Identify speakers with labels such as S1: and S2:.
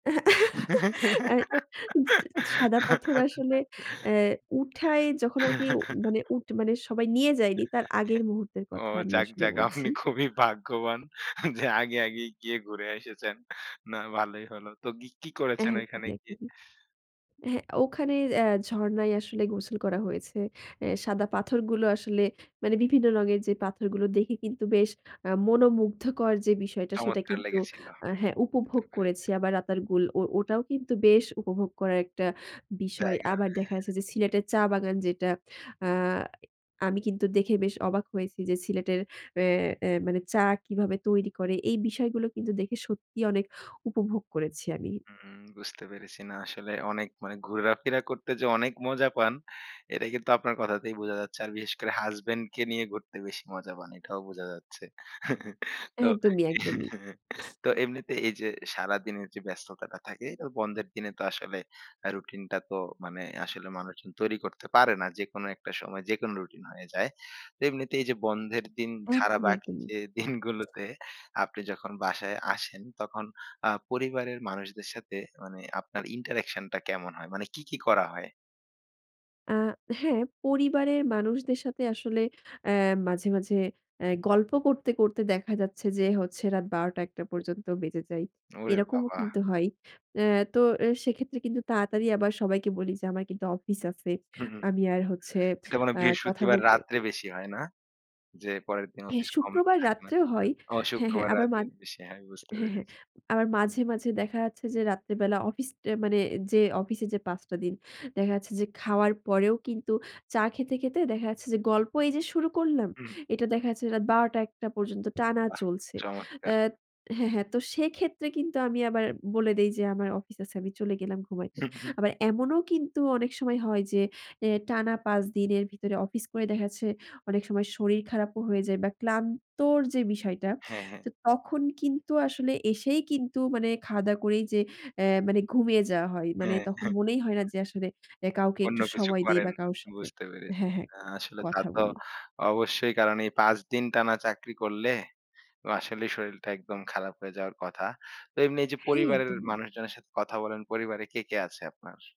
S1: আ চি সাদা পাথর আসলে এ উঠায় যখন আরকি উ মানে, উঠ মানে সবাই নিয়ে যায়নি, তার আগের
S2: হ্যাঁ।
S1: মুহূর্তের
S2: ও!
S1: কথা আমি
S2: যাক,
S1: আসলে
S2: যাক,
S1: বলছি।
S2: আপনি খুবই ভাগ্যবান যে আগে আগেই গিয়ে ঘুরে এসেছেন। না ভালোই হলো। তো গি কি করেছেন ওইখানে
S1: একদমই,
S2: গিয়ে?
S1: একদমই। হ্যাঁ, ওখানে আ ঝরনায় আসলে গোসল করা হয়েছে। এ সাদা পাথরগুলো আসলে মানে বিভিন্ন রঙের যে পাথরগুলো দেখে কিন্তু, বেশ আ মনোমুগ্ধকর যে বিষয়টা, সেটা
S2: চমৎকার
S1: কিন্তু
S2: লেগেছিল।
S1: আ হ্যাঁ,
S2: বুঝতে
S1: উপভোগ করেছি।
S2: পেরেছি।
S1: আবার রাতার গুল, ও ওটাও কিন্তু বেশ উপভোগ করার একটা বিষয়।
S2: জায়গা, হ্যাঁ।
S1: আবার দেখা গেছে যে, সিলেটের চা বাগান যেটা, আ আমি কিন্তু দেখে বেশ অবাক হয়েছি যে, সিলেটের অ্যা অ্যা মানে চা কীভাবে তৈরি করে? এই বিষয়গুলো কিন্তু দেখে সত্যিই অনেক উপভোগ করেছি আমি।
S2: হুম, বুঝতে পেরেছি। না, আসলে অনেক মানে, ঘুরাফেরা করতে যে অনেক মজা পান, এটা কিন্তু আপনার কথাতেই বোঝা যাচ্ছে। আর বিশেষ করে হাসব্যান্ড কে নিয়ে ঘুরতে বেশি মজা পান। এটাও বোঝা যাচ্ছে। তো
S1: একদমই, একদমই।
S2: তো এমনিতে এই যে সারাদিনের যে ব্যস্ততাটা থাকে, এটা বন্ধের দিনে তো আসলে আ রুটিনটা তো মানে, আসলে মানুষজন তৈরি করতে পারে না। যেকোনো একটা সময়, যেকোনো রুটিন হয়ে যায়। এমনিতে এই যে বন্ধের দিন ছাড়া,
S1: একদমই,
S2: বাকি
S1: একদমই।
S2: যে দিনগুলোতে আপনি যখন বাসায় আসেন, তখন আ পরিবারের মানুষদের সাথে মানে ,আপনার ইন্টারেকশন টা কেমন হয়? মানে কি, কি করা হয়?
S1: আ হ্যাঁ, পরিবারের মানুষদের সাথে আসলে অ্যা মাঝে, মাঝে অ্যা গল্প করতে, করতে দেখা যাচ্ছে যে হচ্ছে, রাত ১২ঃ০০-০১ঃ০০ পর্যন্ত বেজে যায়,
S2: ওরে
S1: এরকমও
S2: বাবা!
S1: কিন্তু হয়। অ্যা তো এ সেক্ষেত্রে কিন্তু তাড়াতাড়ি আবার সবাইকে বলি যে, "আমার কিন্তু অফিস আছে।
S2: হুম, হুম।
S1: আমি আর হচ্ছে,
S2: এটা মনে হয়
S1: আ কথা
S2: বৃহস্পতিবার
S1: বলতে"
S2: রাত্রে বেশি হয়, না? যে পরের দিন
S1: হ্যাঁ,
S2: অফিস কম,
S1: শুক্রবার
S2: থাকে না
S1: রাত্রেও হয়,
S2: ও
S1: হ্যাঁ, হ্যাঁ।
S2: শুক্রবার
S1: আবার মা
S2: রাতে বেশি হয়। বুঝতে
S1: হ্যাঁ, হ্যাঁ।
S2: পেরেছি।
S1: আবার মাঝে, মাঝে দেখা যাচ্ছে যে, রাত্রেবেলা অফিস, টে মানে যে অফিসে যে ৫ টা দিন দেখা যাচ্ছে যে, খাওয়ার পরেও কিন্তু চা খেতে, খেতে দেখা যাচ্ছে যে গল্প, এই যে শুরু করলাম;
S2: হুম।
S1: এটা দেখা যাচ্ছে রাত ১২ঃ০০-০১ঃ০০ পর্যন্ত টানা
S2: বাহ!
S1: চলছে।
S2: চমৎকার।
S1: অ্যা হ্যাঁ, হ্যাঁ। তো সেক্ষেত্রে কিন্তু আমি আবার বলে দেই যে, "আমার অফিস আছে, আমি চলে গেলাম ঘুমাইতে।"
S2: হুম, হুম।
S1: আবার এমন কিন্তু অনেক সময় হয় যে, অ্যা টানা ৫ দিনের ভিতরে অফিস করে দেখাচ্ছে, অনেক সময় শরীর খারাপও হয়ে যায় বা ক্লান্তর যে বিষয়টা।
S2: হ্যাঁ, হ্যাঁ।
S1: তো তখন কিন্তু আসলে এসেই কিন্তু, মানে খাওয়া-দাওয়া করেই যে, অ্যা মানে ঘুমিয়ে যাওয়া হয়। মানে
S2: হ্যাঁ,
S1: তখন
S2: হ্যাঁ।
S1: মনেই হয় না যে, আসলে এ কাউকে
S2: অন্য
S1: একটু
S2: কিছু
S1: সময় দেই
S2: করেন।
S1: বা কাউর সাথে
S2: বুঝতে পেরেছি।
S1: হ্যাঁ, হ্যাঁ,
S2: না, আসলে তা
S1: কথা
S2: তো
S1: বলি।
S2: অবশ্যই। কারণ এই ৫ দিন টানা চাকরি করলে এবং আসলেই শরীলটা একদম খারাপ হয়ে যাওয়ার কথা। তো এমনি এই যে,
S1: হ্যাঁ,
S2: পরিবারের
S1: একদমই।
S2: মানুষজনের সাথে কথা বলেন। পরিবারে কে, কে আছে আপনার?